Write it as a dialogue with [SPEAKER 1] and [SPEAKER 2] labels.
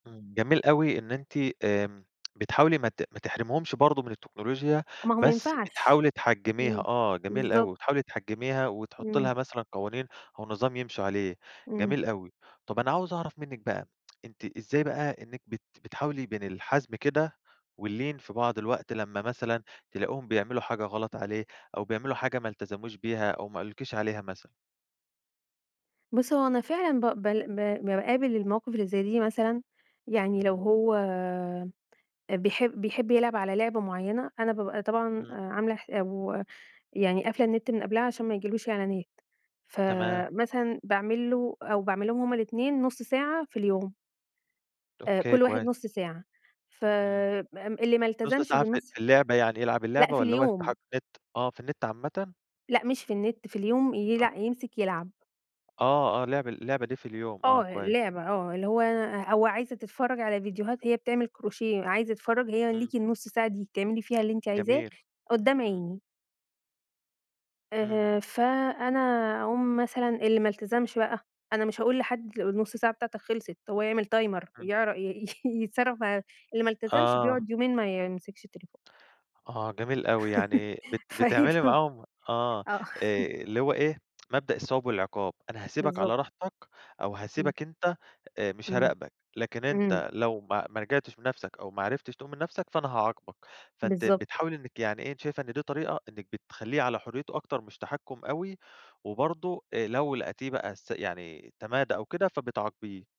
[SPEAKER 1] إمم، جميل أوي إن أنتِ آمم، بتحاولي ما ت ما تحرميهمش برضو من التكنولوجيا
[SPEAKER 2] ما هو ما
[SPEAKER 1] بس
[SPEAKER 2] ينفعش،
[SPEAKER 1] بتحاولي تحجّميها،
[SPEAKER 2] إمم،
[SPEAKER 1] آه جميل أوي،
[SPEAKER 2] بالضبط.
[SPEAKER 1] بتحاولي تحجّميها وتحطي
[SPEAKER 2] إمم.
[SPEAKER 1] لها مثلًا قوانين أو نظام يمشوا عليه،
[SPEAKER 2] إمم.
[SPEAKER 1] جميل أوي، طب أنا عاوز أعرف منِك بقى أنتِ إزاي بقى إنِك بت بتحاولي بين الحزم كده واللين في بعض الوقت لمّا مثلًا تلاقيهم بيعملوا حاجة غلط عليه أو بيعملوا حاجة ما التزموش بيها أو ما قالولِكيش عليها مثلًا؟
[SPEAKER 2] بُصّ هو أنا فعلًا ب بل ب باقابل المواقف اللي زي دي مثلًا، يعني لو
[SPEAKER 1] إمم.
[SPEAKER 2] هو آآ، بيحب بيحب يلعب على لعبة معينة أنا بابقى طبعًا
[SPEAKER 1] إمم.
[SPEAKER 2] عاملة ح أو يعني قافلة النت من قبلها عشان ما يجيلهوش إعلانات،
[SPEAKER 1] تمام.
[SPEAKER 2] فمثلًا باعمل له أو باعمل لهم هُم الاتنين نُص ساعة في اليوم. آآ،
[SPEAKER 1] أوكي
[SPEAKER 2] كل واحد
[SPEAKER 1] كويس.
[SPEAKER 2] نُص ساعة ف
[SPEAKER 1] إمم
[SPEAKER 2] آمم، اللي ما
[SPEAKER 1] نُص
[SPEAKER 2] التزمش
[SPEAKER 1] ساعة في ال
[SPEAKER 2] بالنُص
[SPEAKER 1] في اللعبة يعني يلعب
[SPEAKER 2] لأ
[SPEAKER 1] اللعبة،
[SPEAKER 2] في
[SPEAKER 1] والَّا هو يفتح
[SPEAKER 2] اليوم.
[SPEAKER 1] النت آه، في النت عامةً؟
[SPEAKER 2] لأ مش في النت في اليوم
[SPEAKER 1] آه.
[SPEAKER 2] يلأ يمسك يلعب.
[SPEAKER 1] آه آه لعب لعبة دي في اليوم، آه
[SPEAKER 2] آه
[SPEAKER 1] كويس.
[SPEAKER 2] لعبة آه اللي هو هو عايزة تتفرج على فيديوهات هي بتعمل كروشيه عايز يتفرج، هي
[SPEAKER 1] إمم.
[SPEAKER 2] ليكِ النُص ساعة دي بتعملي فيها اللي أنتِ عايزاه
[SPEAKER 1] جميل،
[SPEAKER 2] قدّام
[SPEAKER 1] إمم.
[SPEAKER 2] عيني.
[SPEAKER 1] إمم.
[SPEAKER 2] آآ، فأنا أقوم مثلًا اللي ما التزمش بقى، أنا مش هاقول لحد
[SPEAKER 1] إمم.
[SPEAKER 2] النُص ساعة بتاعتك خلصت، هو يعمل timer
[SPEAKER 1] إمم.
[SPEAKER 2] يعر ي يتصرف مع اللي ما التزمش
[SPEAKER 1] آه.
[SPEAKER 2] بيقعد يومين ما يمسكش التليفون.
[SPEAKER 1] آه جميل أوي، يعني بت
[SPEAKER 2] فإيه
[SPEAKER 1] بتعملي معاهم
[SPEAKER 2] [unintelligible]
[SPEAKER 1] آه
[SPEAKER 2] آه.
[SPEAKER 1] آآ، اللي هو إيه مبدأ الثواب والعقاب، أنا هاسيبك على
[SPEAKER 2] بالضبط.
[SPEAKER 1] راحتك أو
[SPEAKER 2] إمم.
[SPEAKER 1] هاسيبك أنت آآ مش
[SPEAKER 2] إمم،
[SPEAKER 1] هاراقبك، لكن
[SPEAKER 2] إمم.
[SPEAKER 1] أنت لو ما ما رجعتش بنَفسك أو ما عرفتش تقوم من نَفسك فأنا هاعاقبك، فأنتِ
[SPEAKER 2] بالضبط.
[SPEAKER 1] بتحاولي إنِك يعني إيه أنتِ شايفة إن دي طريقة إنِك بتخليه على حريته أكتر مش تحكّم أوي، وبرضو آآ، لو لقيتيه بقى س يعني تمادى أو كده فبتعاقبيه.